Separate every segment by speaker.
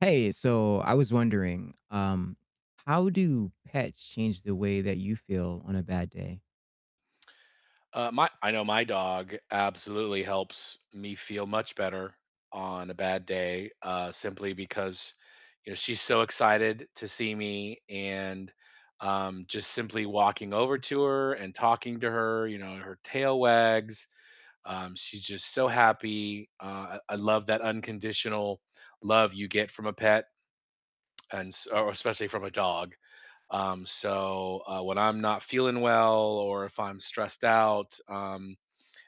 Speaker 1: Hey, so I was wondering, um, how do pets change the way that you feel on a bad day?
Speaker 2: Uh, my I know my dog absolutely helps me feel much better on a bad day, uh, simply because, you know, she's so excited to see me, and, um, just simply walking over to her and talking to her, you know, her tail wags, um, she's just so happy, uh, I I love that unconditional love you get from a pet and s or especially from a dog, um, so, uh, when I'm not feeling well or if I'm stressed out, um,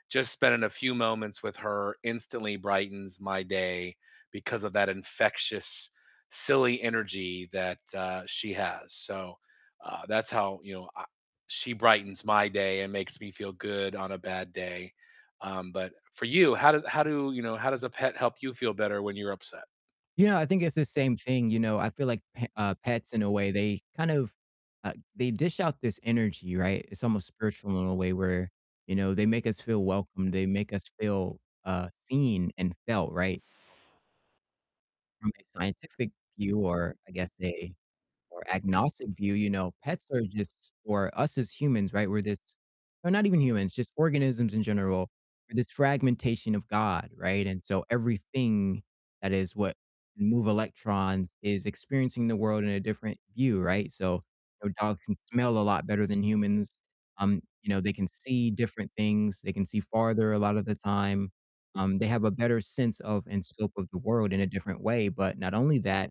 Speaker 2: just spending a few moments with her instantly brightens my day because of that infectious, silly energy that, uh, she has, so, uh, that's how, you know, I she brightens my day and makes me feel good on a bad day, um, but for you, how does how do, you know, how does a pet help you feel better when you're upset?
Speaker 1: You know, I think it's the same thing, you know. I feel like p uh, pets in a way, they kind of, uh, they dish out this energy, right? It's almost spiritual in a way where, you know, they make us feel welcome, they make us feel, uh, seen and felt, right? From a scientific view, or I guess a more agnostic view, you know, pets are just for us as humans, right, we're this or not even humans, just organisms in general, we're this fragmentation of God, right, and so everything that is what can move electrons is experiencing the world in a different view, right, so, you know, dogs can smell a lot better than humans. Um, you know, they can see different things. They can see farther a lot of the time. Um, they have a better sense of and scope of the world in a different way. But not only that,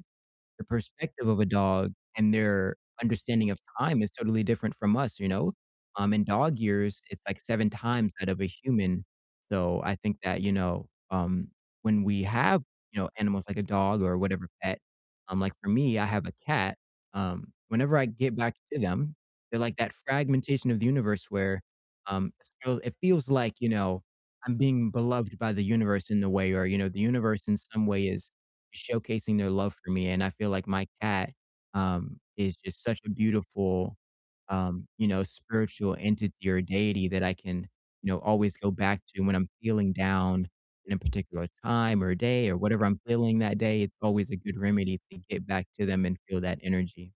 Speaker 1: the perspective of a dog and their understanding of time is totally different from us, you know? Um, in dog years, it's like 7 times that of a human, so I think that, you know, um, when we have, you know, animals like a dog or whatever pet, um, like for me, I have a cat, um, whenever I get back to them, they're like that fragmentation of the universe where, um, it's feel it feels like, you know, I'm being beloved by the universe in the way, or, you know, the universe in some way is showcasing their love for me, and I feel like my cat, um, is just such a beautiful, um, you know, spiritual entity or deity that I can, you know, always go back to when I'm feeling down in a particular time or day or whatever I'm feeling that day. It's always a good remedy to get back to them and feel that energy.